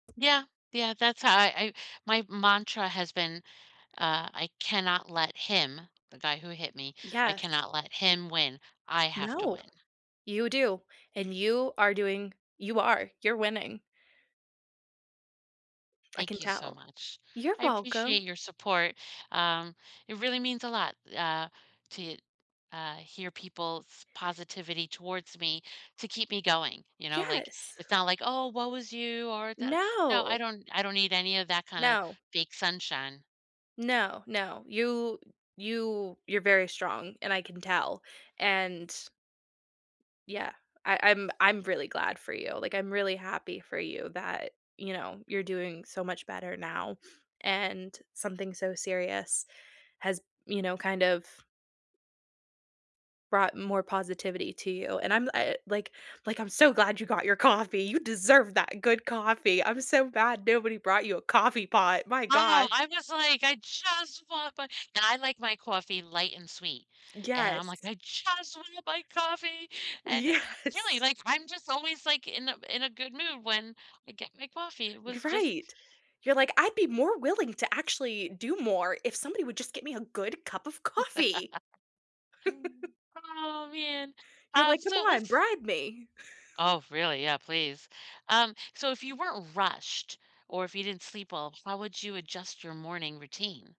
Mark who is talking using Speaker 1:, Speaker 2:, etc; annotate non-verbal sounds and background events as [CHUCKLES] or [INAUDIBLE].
Speaker 1: Yeah, yeah, that's how I I my mantra has been, uh, I cannot let him, the guy who hit me, I
Speaker 2: Yes.
Speaker 1: cannot let him win. I have to
Speaker 2: No.
Speaker 1: win.
Speaker 2: You do, and you are doing You are. You're winning. I
Speaker 1: Thank
Speaker 2: can
Speaker 1: you so
Speaker 2: tell.
Speaker 1: much.
Speaker 2: You're
Speaker 1: I
Speaker 2: welcome.
Speaker 1: appreciate your support. Um, it really means a lot, uh, to, uh, hear people's positivity towards me to keep me going, you know, like,
Speaker 2: Yes.
Speaker 1: it's not like, "Oh, woe is you," or, dada No, I
Speaker 2: No.
Speaker 1: don't I don't need any of that kinda
Speaker 2: No.
Speaker 1: big sunshine.
Speaker 2: No, no, you you you're very strong, and I can tell, and Yeah, I I'm I'm really glad for you. Like, I'm really happy for you that, you know, you're doing so much better now, and something so serious has, you know, kind of brought more positivity to you, and I'm the I like like, I'm so glad you got your coffee. You deserve that good coffee. I'm so mad nobody brought you a coffee pot, my
Speaker 1: Oh,
Speaker 2: gosh.
Speaker 1: I'm just like, "I just want my" and I like my coffee light and sweet, and I'm
Speaker 2: Yes.
Speaker 1: like, "I just wanna buy coffee," and really,
Speaker 2: Yes.
Speaker 1: like, I'm just always, like, in a in a good mood when I get my coffee. It
Speaker 2: G
Speaker 1: was
Speaker 2: F
Speaker 1: just
Speaker 2: Right. You're like, "I'd be more willing to actually do more if somebody would just get me a good cup of coffee."
Speaker 1: [LAUGHS]
Speaker 2: [CHUCKLES]
Speaker 1: Oh, man.
Speaker 2: You're
Speaker 1: Um,
Speaker 2: like,
Speaker 1: so
Speaker 2: "Come
Speaker 1: it was
Speaker 2: on, bribe me." [CHUCKLES]
Speaker 1: Oh, really? Yeah, please. Um, so if you weren't rushed or if you didn't sleep well, how would you adjust your morning routine?